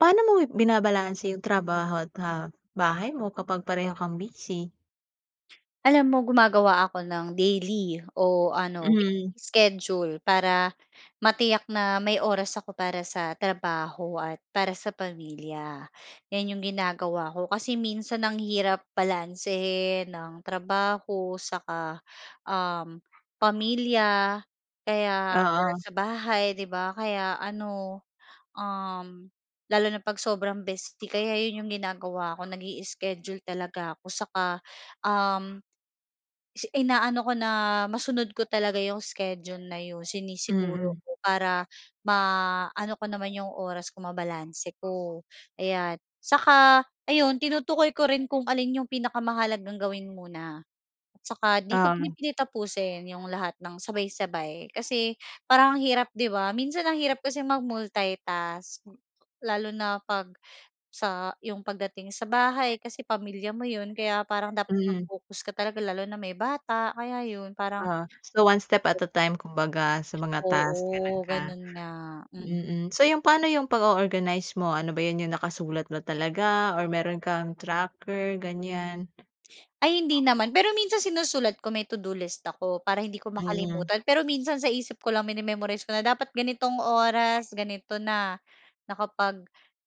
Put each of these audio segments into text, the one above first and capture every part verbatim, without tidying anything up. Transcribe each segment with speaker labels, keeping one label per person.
Speaker 1: Paano mo binabalanse yung trabaho at, ah, bahay mo kapag pareho kang busy?
Speaker 2: Alam mo, gumagawa ako ng daily o ano, weekly
Speaker 1: Mhm.
Speaker 2: schedule para matiyak na may oras ako para sa trabaho at para sa pamilya. 'Yan 'yong ginagawa ko, kasi minsan ang hirap balansehin ng trabaho, saka, um, pamilya, kaya or
Speaker 1: Oo.
Speaker 2: sa bahay, 'di ba? Kaya ano, um, lalo na 'pag sobrang busy kaya yan yung ginagawa ko, nag-i-schedule talaga ako saka, um, si ina-ano ko na masunod ko talaga 'yong schedule na 'yon, sinisiguro
Speaker 1: Mm.
Speaker 2: ko, para ma-ano ko naman 'yong oras ko, mabalanse ko. Ayan. Saka ayun, tinutukoy ko rin kung alin 'yong pinakamahalagang gawin muna. At saka 'di ko
Speaker 1: Um.
Speaker 2: pinipilit tapusin yung lahat ng sabay-sabay kasi parang ang hirap, 'di ba? Minsan ang hirap kasi mag-multitask, lalo na 'pag sa yung pag dating sa bahay kasi pamilya mo 'yun, kaya parang dapat
Speaker 1: Mm.
Speaker 2: naka-focus ka talaga, lalo na may bata, kaya yun parang
Speaker 1: Ah, so one step at
Speaker 2: [unintelligible]
Speaker 1: a time, kumbaga, sa mga task, gano'n
Speaker 2: Oo,
Speaker 1: ka
Speaker 2: ganun nga, m
Speaker 1: mm, so 'yong paano 'yong pag-o-organize mo, ano ba 'yan, 'yong nakasulat mo talaga or meron kang tracker ganyan?
Speaker 2: Ay hindi naman, pero minsan sinusulat ko, may todo-list ako para hindi ko
Speaker 1: Hmm.
Speaker 2: makalimutan pero minsan sa isip ko lang mine-memorize ko na dapat ganitong oras, ganito na, nakapag,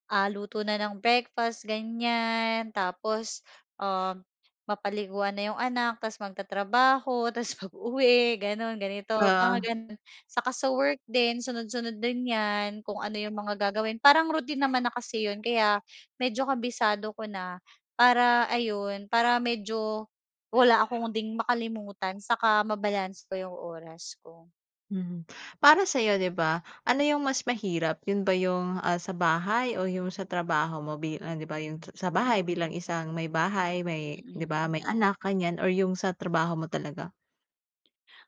Speaker 2: ah, luto na ng breakfast, ganiyan, tapos, um, mapaliguan na yung anak, tas magtatrabaho, tas pag-uwi ganun, ganito, mga
Speaker 1: Oo.
Speaker 2: ganun. Saka sa work din, sunod-sunod din yan kung ano yung mga gagawin, parang routine naman na kasi yun, kaya medyo kabisado ko na para ayun, para medyo wala akong ding makalimutan saka mabalanse ko yung oras ko.
Speaker 1: Hmm, para sa iyo, di ba, ano yung mas mahirap, yun ba yung, ah, sa bahay, o yung sa trabaho mo, bilang di ba yung sa bahay bilang isang may bahay, may di ba
Speaker 2: Mhm.
Speaker 1: may anak ganiyan, or yung sa trabaho mo talaga?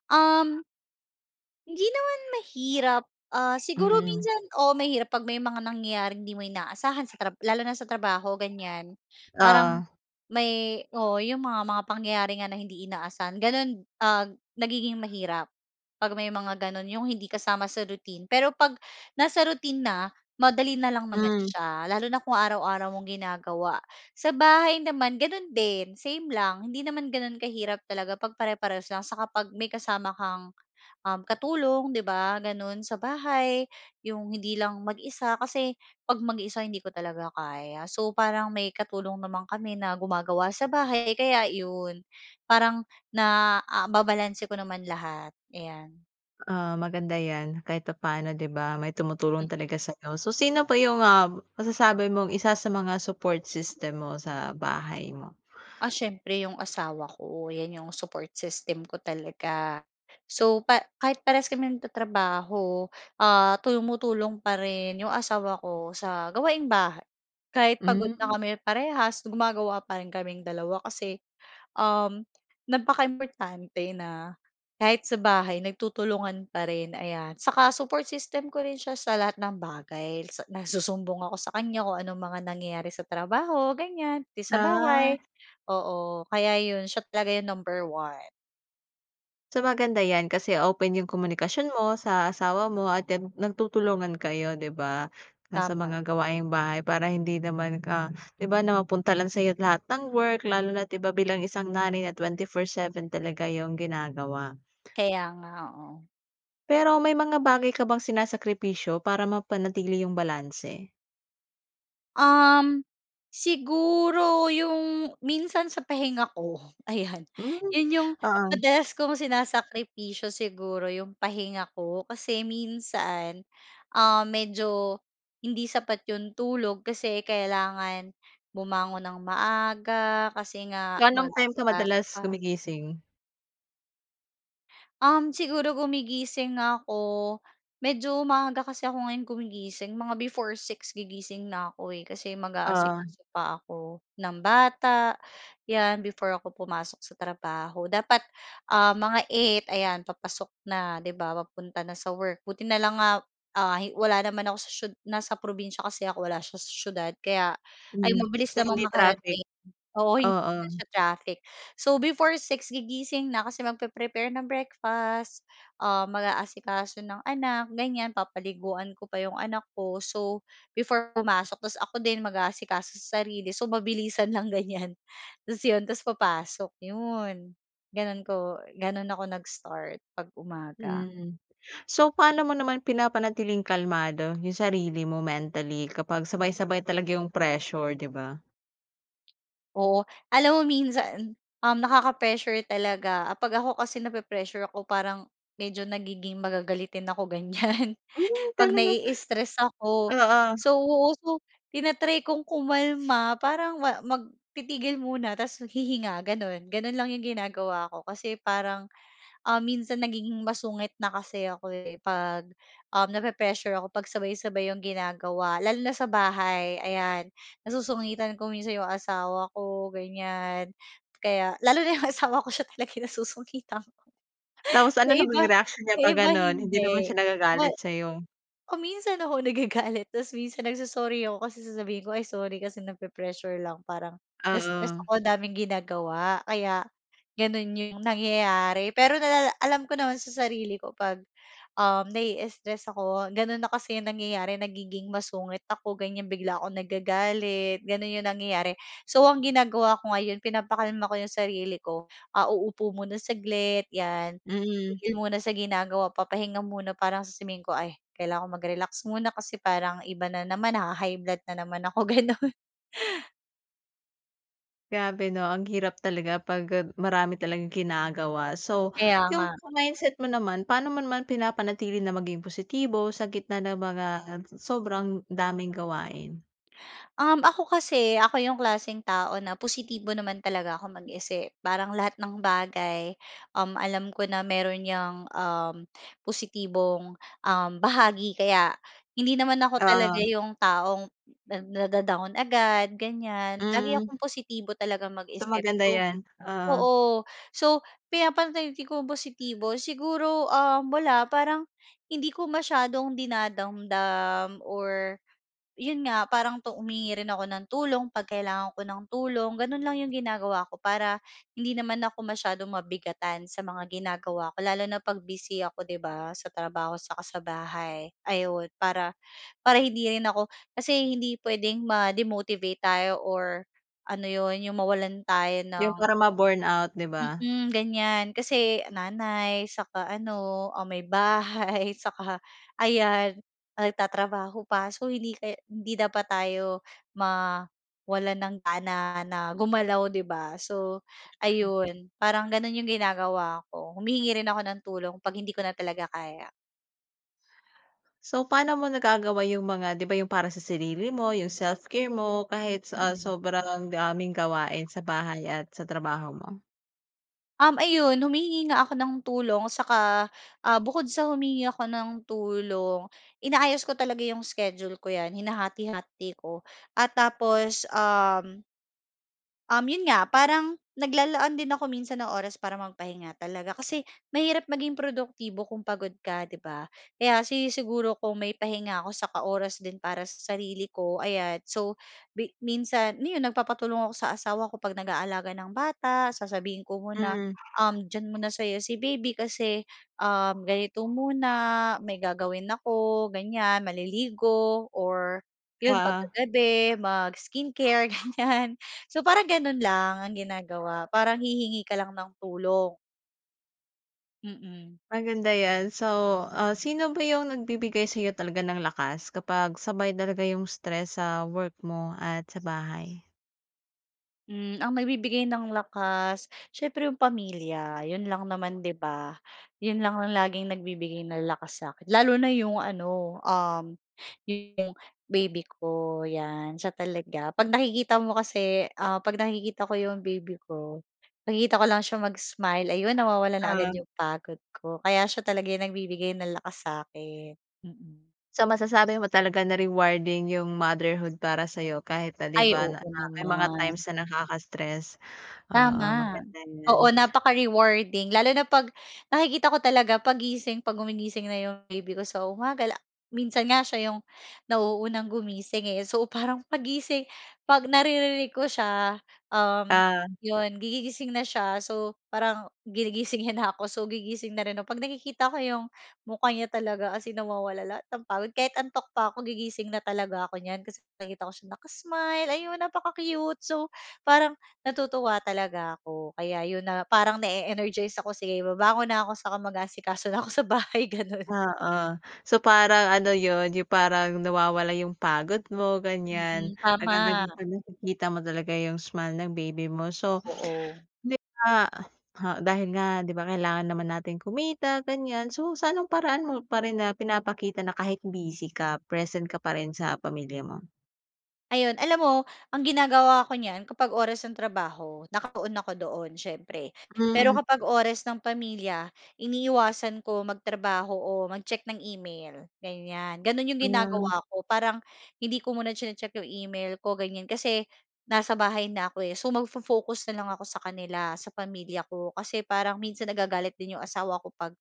Speaker 2: Um Hindi naman mahirap, ah, siguro
Speaker 1: Mhm.
Speaker 2: minsan, oo, mahirap 'pag may mga nangyayaring hindi mo inaasahan, sa trab lalo na sa trabaho ganyan. Parang,
Speaker 1: Oo.
Speaker 2: may oo, 'yong mga, mga pangyayari nga na hindi inaasahan gano'n, ah, nagiging mahirap 'pag may mga gano'n, 'yong hindi kasama sa routine. Pero 'pag nasa routine na madali na lang naman
Speaker 1: Hmm.
Speaker 2: siya lalo na kung araw-araw mong ginagawa. Sa bahay naman gano'n din, same lang hindi naman gano'n kahirap talaga pag-pare-parehas lang saka 'pag may kasama kang, um, katulong 'di ba gano'n sa bahay yung hindi lang mag-isa. Kasi 'pag mag-isa, hindi ko talaga kaya. So parang may katulong naman kami na gumagawa sa bahay kaya 'yon parang na, ah, nababalanse ko naman lahat ayan.
Speaker 1: Oo maganda yan, kahit papano, 'di ba, may tumutulong talaga sa'yo. So sino pa yung, ah, masasabi mong isa sa mga support system mo sa bahay mo?
Speaker 2: Ah, siyempre 'yong asawa ko 'yan 'yong support system ko talaga. So pa kahit parehas kami nagtatrabaho, ah, tumutulong pa rin 'yong asawa ko sa gawaing-bahay kahit pagod na
Speaker 1: Hmm.
Speaker 2: kami parehas, gumagawa pa rin kaming dalawa. Kasi, um, napaka-importante na kahit sa bahay nagtutulungan pa rin, ayan. Saka support system ko rin siya sa lahat ng bagay na nagsusumbong ako sa kanya kung anong mga nangyayari sa trabaho ganyan, pati sa
Speaker 1: Ah.
Speaker 2: bahay. Oo kaya yun, siya talaga yung number one.
Speaker 1: So, maganda yan kasi open yung komunikasyon mo sa asawa mo at, yan, nagtutulungan kayo, 'di ba, na sa
Speaker 2: Tama.
Speaker 1: mga gawaing bahay para hindi naman ka 'di ba, na mapunta lang sa'yo lahat ng work lalo na't 'di ba, bilang isang nanay na twenty-four seven talaga yung ginagawa.
Speaker 2: Kaya nga, oo.
Speaker 1: Pero may mga bagay ka bang sinasakripisyo para mapanatili yung balanse?
Speaker 2: Um, siguro yung minsan sa pahinga ko, ayan.
Speaker 1: Hmm,
Speaker 2: 'Yon yung
Speaker 1: oo.
Speaker 2: madalas kong sinasakripisyo siguro yung pahinga ko. Kasi minsan, um, medyo hindi sapat yung tulog kasi kailangan bumangon nang maaga kasi nga
Speaker 1: Anong time ka
Speaker 2: mag-aasikaso
Speaker 1: madalas
Speaker 2: pa.
Speaker 1: gumigising?
Speaker 2: Um, siguro gumigising ako medyo maaga kasi ako ngayon gumigising, mga before six gigising na ako eh, kasi
Speaker 1: Oo.
Speaker 2: mag-aasikaso pa ako ng bata, 'yan, before ako pumasok sa trabaho. Dapat, um, mga eight ayan, papasok na, 'di ba? Papunta na sa work. Buti na lang nga, ah, hi wala naman ako sa siyu nasa probinsiya kasi ako eh, wala siya sa siyudad, kaya ay
Speaker 1: Mhm,
Speaker 2: mabilis
Speaker 1: sa
Speaker 2: namang
Speaker 1: hindi traffic.
Speaker 2: makarating. Oo, hindi naman
Speaker 1: Oo.
Speaker 2: siya traffic. So, before six gigising na kasi magpe-prepare ng breakfast, um, mag-aasikaso ng anak, ganiyan, papaliguan ko pa yung anak ko. So, before pumasok tapos ako din mag-aasikaso sa sarili. So, mabilisan lang, ganiyan. Tapos 'yon, tapos papasok, 'yon. Gano'n ko gano'n ako nag-start 'pag umaga.
Speaker 1: Mm. So, paano mo naman pinapanatiling kalmado yung sarili mo mentally, kapag sabay-sabay talaga yung pressure, 'di ba?
Speaker 2: Oo, alam mo minsan, um, nakaka-pressure talaga, ah, 'pag ako kasi nape-pressure ako parang medyo nagiging magagalitin ako, ganyan.
Speaker 1: Hmm,
Speaker 2: 'Pag
Speaker 1: talaga.
Speaker 2: nai-stres ako
Speaker 1: Oo.
Speaker 2: so, so tina-try kong kumalma, parang ma mag titigil muna tapos hihinga gano'n, gano'n lang yung ginagawa ko. Kasi parang, ah minsan nagiging masungit na kasi ako eh, 'pag um nape-pressure ako 'pag sabay-sabay yung ginagawa, lalo na sa bahay, ayan. Nasusungitan ko minsan 'yong asawa ko ganyan, kaya, lalo na 'yong asawa ko, siya talaga yung nasusungitan ko,
Speaker 1: Tapos ano
Speaker 2: 'yong
Speaker 1: naman
Speaker 2: iba,
Speaker 1: yung reaksyon niya
Speaker 2: 'yong
Speaker 1: 'pag
Speaker 2: iba
Speaker 1: gano'n? Hindi
Speaker 2: hindi.
Speaker 1: naman siya
Speaker 2: Ma
Speaker 1: nagagalit sa'yo?
Speaker 2: kung minsan ako nagagalit, tapos minsan nag-so-sorry ako kasi sasabihin ko, "Ay sorry, kasi nape-pressure lang parang na-stress
Speaker 1: Oo.
Speaker 2: ako ang daming ginagawa kaya gano'n 'yong nangyayari." Pero nalala alam ko naman sa sarili ko 'pag um nai-stress ako ganun na kasi yung nangyayari nagiging masungit ako ganyan bigla akong nagagalit gano'n 'yong nangyayari. So ang ginagawa ko ngayon pinapakalma ko 'yong sarili ko, ah uupo muna saglit 'yan,
Speaker 1: Mhm.
Speaker 2: titigil muna sa ginagawa, papahinga muna parang sasabihin ko, "Ay kailangan ko mag-relax muna, kasi parang iba na naman, naha-high blood na naman ako." Gano'n.
Speaker 1: Grabe, 'no? Ang hirap talaga pag gab marami talagang ginagawa. So,
Speaker 2: Kaya nga.
Speaker 1: 'yung sa mindset mo naman, pan'o mo naman pinapanatili na maging positibo sa gitna ng mga, um, sobrang daming gawain?
Speaker 2: Um, ako kasi, ako 'yung klaseng tao na positibo naman talaga ako mag-isip. Parang lahat ng bagay, um, alam ko na meron 'yang, um, positibong, um, bahagi. Kaya hindi naman ako talaga
Speaker 1: Oo.
Speaker 2: 'yong taong nad nada-down agad, ganiyan. Lagi
Speaker 1: Mm.
Speaker 2: akong positibo talagang
Speaker 1: So
Speaker 2: mag-isip.
Speaker 1: maganda
Speaker 2: So
Speaker 1: 'yan, oo.
Speaker 2: oo. So, pinapanatili kong positibo siguro, um, wala parang hindi ko masyadong dinadamdam or 'yon nga parang tu humihingi rin ako ng tulong 'pag kailangan ko ng tulong. Gano'n lang 'yong ginagawa ko para hindi naman ako masyadong mabigatan sa mga ginagawa ko lalo na 'pag busy ako 'di ba sa trabaho 'saka sa bahay, ayon. Para para hindi rin ako kasi hindi puwedeng ma-demotivate tayo or ano 'yon, 'yong mawalan tayo
Speaker 1: 'Yung
Speaker 2: ng
Speaker 1: para ma-burnout, 'di ba?
Speaker 2: Mm, ganiyan. Kasi nanay 'saka ano, ah, may bahay 'saka, ayan, nagtatrabaho pa. So, hindi kaya hindi dapat tayo mawalan ng gana na gumalaw, 'di ba? So,
Speaker 1: Mhm.
Speaker 2: ayun, parang gano'n 'yong ginagawa ko. Humihingi rin ako ng tulong 'pag hindi ko na talaga kaya.
Speaker 1: So, paano mo nagagawa yung mga, 'di ba, yung para sa sarili mo, yung self-care mo, kahit, ah,
Speaker 2: Mm.
Speaker 1: sobrang daming gawain sa bahay at sa trabaho mo?
Speaker 2: Um, ayon. Humihingi nga ako ng tulong saka, ah, bukod sa humihingi ako ng tulong, inaayos ko talaga yung schedule ko, 'yan. Hinahati-hati ko at tapos, um Um, 'yon nga, parang naglalaan din ako minsan ng oras para magpahinga talaga. Kasi mahirap maging produktibo kung pagod ka, 'di ba? Kaya sinisiguro kong may pahinga ako saka oras din para sa sarili ko. Ayan. So, mi minsan, 'no, 'yon nagpapatulong ako sa asawa ko 'pag nag-aalaga ng bata, sasabihin ko muna,
Speaker 1: Mm.
Speaker 2: um, diyan muna sa'yo si baby kasi, um, ganito muna, may gagawin ako, ganiyan. Maliligo or 'yon pagka
Speaker 1: Oo.
Speaker 2: gabi mag-skin care, ganiyan. So, parang gano'n lang ang ginagawa, parang hihingi ka lang ng tulong. Mm.
Speaker 1: Maganda yan. So, ah, sino ba yung nagbibigay sa'yo talaga ng lakas kapag sabay talaga yung stress sa work mo at sa bahay?
Speaker 2: Hmm, ang mabibigay ng lakas, siyempre 'yong pamilya, 'yon lang naman, 'di ba? 'Yon lang ang laging nagbibigay ng lakas sa'kin. Lalo na 'yong ano, um, 'yo yong baby ko, 'yan, siya talaga. 'Pag nakikita mo kasi ah 'pag nakikita ko 'yong baby ko, nakikita ko lang siya mag-smile, ayun nawawala na agad
Speaker 1: Ah.
Speaker 2: 'yong pagod ko. Kaya siya talaga yung nagbibigay ng lakas sa'kin. Mm.
Speaker 1: So masasabi mo talaga na rewarding yung motherhood para sa'yo, kahit na, 'di
Speaker 2: Ay,
Speaker 1: ba, na
Speaker 2: oo
Speaker 1: pa ke may mga times
Speaker 2: naman.
Speaker 1: na nakakastress. Oo,
Speaker 2: Tama.
Speaker 1: maganda yan.
Speaker 2: Oo, napaka-rewarding lalo na 'pag, nakikita ko talaga, 'pag gising, 'pag gumigising na 'yong baby ko sa umaga, la minsan nga siya 'yong nauunang gumising, eh. So, parang paggising, 'pag naririnig ko siya, um,
Speaker 1: Ah.
Speaker 2: 'yon gigi gising na siya. So, parang ginigising niya na ako, so gigising na rin ako. 'Pag nakikita ko 'yong mukha niya talaga as in nawawala lahat ng pagod, kahit antok pa ako, gigising na talaga ako niyan. Kasi nakikita ko siya naka-smile, ayun, napaka-cute. So, parang natutuwa talaga ako, kaya 'yon na parang na-e-energize ako, "Sige, babangon na ako saka magaasikao na ako sa bahay." Gano'n.
Speaker 1: Oo, so parang ano 'yon, 'yong parang nawawala yung pagod mo, ganyan,
Speaker 2: Mm, tama.
Speaker 1: agad-agad 'pag nakikita mo talaga 'yong smile ng baby mo. So,
Speaker 2: Oo.
Speaker 1: ni ah, ha, dahil nga, 'di ba, kailangan naman nating kumita, ganyan. So, sa anong paraan mo pa rin na pinapakita na kahit busy ka present ka pa rin sa pamilya mo?
Speaker 2: Ayon alam mo, ang ginagawa ako niyan kapag oras ng trabaho nakatuon ako doon, siyempre. Pero
Speaker 1: Mhm.
Speaker 2: kapag oras ng pamilya, iniiwasan ko magtrabaho o mag-check ng email ganyan. Gano'n 'yong
Speaker 1: Ayan.
Speaker 2: ginagawa ko parang hindi ko muna chini-check 'yong email ko ganyan. Kasi nasa bahay na ko eh. So, mag-fo-focus na lang ako sa kanila, sa pamilya ko. Kasi parang minsan nagagalit din 'yong asawa ko 'pag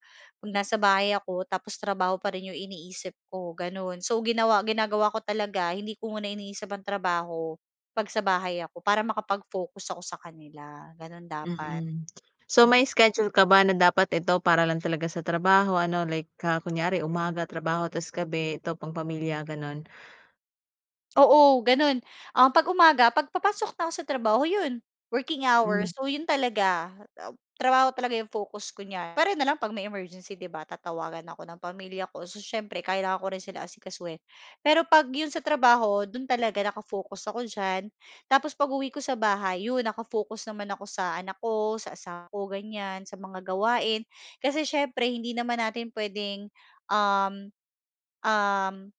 Speaker 2: nasa bahay ako tapos trabaho pa rin 'yong iniisip ko gano'n. So ginawa ginagawa ko talaga hindi ko muna iniisip ang trabaho, 'pag sa bahay ako para makapag-focus ako sa kanila gano'n dapat.
Speaker 1: Mm. So
Speaker 2: Mm.
Speaker 1: may schedule ka ba na dapat ito para lang talaga sa trabaho ano like ah, kunyari umaga trabaho tas gabi ito pang pamilya gano'n?
Speaker 2: Oo gano'n. Um, 'pag umaga pagpapasok na ako sa trabaho 'yon working hours,
Speaker 1: Hm.
Speaker 2: so, 'yon talaga, ah, trabaho talaga 'yong focus ko niyan pwera na lang 'pag may emergency, 'di ba? Tatawagan ako ng pamilya ko. So siyempre kailangan ko rin sila asikasuhin. Pero 'pag 'yon sa trabaho do'n talaga naka-focus ako diyan. Tapos pag-uwi ko sa bahay, 'yon naka-focus naman ako sa anak ko, sa asawa ko ganyan sa mga gawain. Kasi siyempre hindi naman natin puwedeng, um, um,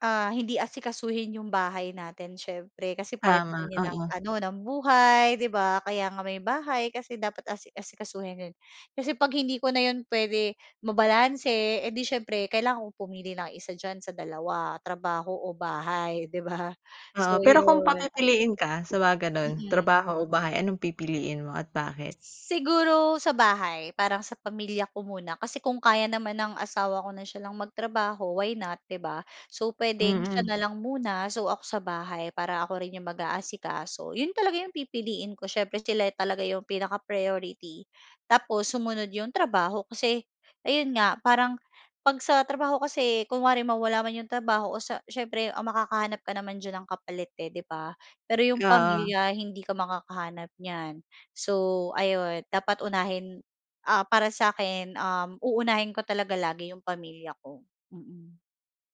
Speaker 2: ah hindi asikasuhin 'yong bahay natin siyempre kasi part
Speaker 1: Tama,
Speaker 2: niya ng
Speaker 1: oo.
Speaker 2: ano ng buhay 'di ba? Kaya nga may bahay kasi dapat asi asikasuhin 'yon. Kasi 'pag hindi ko na 'yon puwede mabalanse eh di siyempre kailangan ko pumili ng isa diyan sa dalawa trabaho o bahay, 'di ba? So
Speaker 1: Oo, pero kung
Speaker 2: 'yon.
Speaker 1: papipiliin ka sa mga ganun
Speaker 2: Mm.
Speaker 1: trabaho o bahay, anong pipiliin mo at bakit?
Speaker 2: Siguro sa bahay. Parang sa pamilya ko muna. Kasi kung kaya naman ng asawa ko na siya lang magtrabaho, why not, 'di ba? So pwedeng siya
Speaker 1: Mm.
Speaker 2: na lang muna. So ako sa bahay para ako rin yung mag-aasikaso. Yon talaga 'yong pipiliin ko siyempre sila talaga yung pinaka-priority tapos sumunod yung trabaho kasi ayun nga parang 'pag sa trabaho kasi kunwari mawala man yung trabaho o sa siyempre ang makakahanap ka naman diyan ng kapalit eh 'di ba? Pero yung
Speaker 1: Oo.
Speaker 2: pamilya hindi ka makakahanap niyan. So ayon dapat unahin ah, para sa'kin, um, uunahin ko talaga lagi yung pamilya ko. Mm.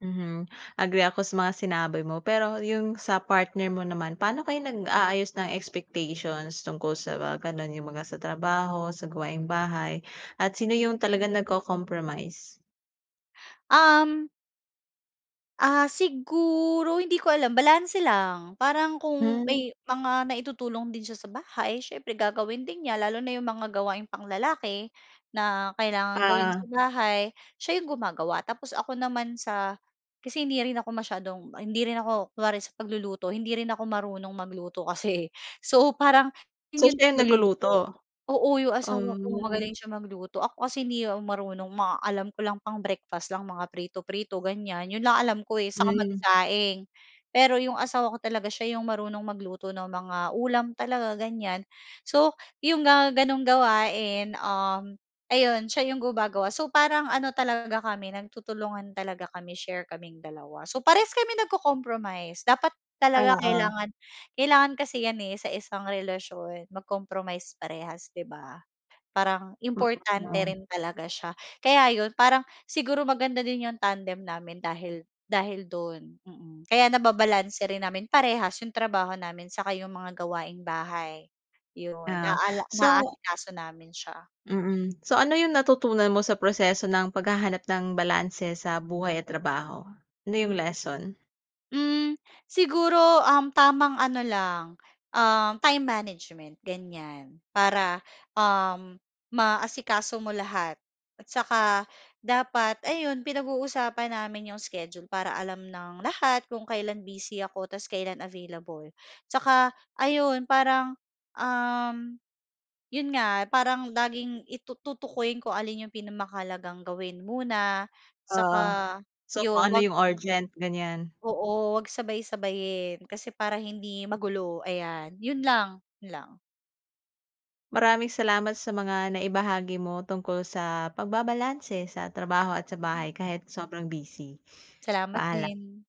Speaker 1: Mhm, agree ako sa mga sinabi mo, pero yung sa partner mo naman, paano kayo nag-aayos ng expectations tungkol sa mga gano'n yung mga sa trabaho, sa gawaing-bahay at sino yung talagang nagko-compromise?
Speaker 2: Um Ah, siguro, hindi ko alam balanse lang, parang kung
Speaker 1: Hmm.
Speaker 2: may mga naitutulong din siya sa bahay siyempre gagawin din niya lalo na yung mga gawaing panglalaki na kailangang gawin sa
Speaker 1: Oo.
Speaker 2: bahay, siya 'yong gumagawa tapos ako naman sa kasi hindi rin ako masyadong, hindi rin ako kunwari sa pagluluto, hindi rin ako marunong magluto kasi, eh. So parang siya
Speaker 1: So
Speaker 2: yung
Speaker 1: siya yung
Speaker 2: tagaluto
Speaker 1: nagluluto?
Speaker 2: oo yung asawa ko
Speaker 1: Oh.
Speaker 2: magaling siya magluto, ako kasi hindi marunong mga alam ko lang pang breakfast lang, mga prito-prito ganiyan, 'yon lang alam ko, eh, saka
Speaker 1: Hmm.
Speaker 2: magsaing. Pero 'yong asawa ko talaga siya yung marunong magluto ng mga ulam talaga ganiyan. So yung mga gano'ng gawain, um, ayun siya yung gumagawa, so parang ano talaga kami nagtutulungan talaga kami share kaming dalawa. So parehas kami nagko-compromise, dapat talaga
Speaker 1: Oo.
Speaker 2: kailangan kailangan kasi yan, eh, sa isang relasyon mag-compromise parehas 'di ba? Parang
Speaker 1: M hmm
Speaker 2: importante
Speaker 1: o.
Speaker 2: rin talaga siya kaya 'yon parang siguro maganda din yung tandem namin dahil dahil do'n, mm. Kaya nababalanse rin namin parehas yung trabaho namin, saka 'yong mga gawaing-bahay yun,
Speaker 1: Ah,
Speaker 2: naala
Speaker 1: so
Speaker 2: naasikaso namin siya.
Speaker 1: Mm. So ano yung natutunan mo sa proseso ng paghahanap ng balanse sa buhay at trabaho, ano yung lesson?
Speaker 2: Hmm, siguro, um, tamang ano lang, um, time management ganiyan para, um, maasikaso mo lahat at saka dapat ayun pinag-uusapan namin yung schedule para alam ng lahat kung kailan busy ako ta's kailan available, tsaka ayun parang, um, yun nga parang laging i tutukuyin kung alin yung pinamahalagang gawin muna saka
Speaker 1: Oo. So kung
Speaker 2: yun
Speaker 1: ano
Speaker 2: 'wag
Speaker 1: yung urgent, ganiyan.
Speaker 2: Oo, huwag sabay-sabayin kasi para hindi magulo ayan, 'yon lang, 'yon lang.
Speaker 1: Maraming salamat sa mga naibahagi mo tungkol sa pagbabalanse sa trabaho at sa
Speaker 2: Hmm.
Speaker 1: bahay kahit sobrang busy.
Speaker 2: Salamat
Speaker 1: Paalam.
Speaker 2: din.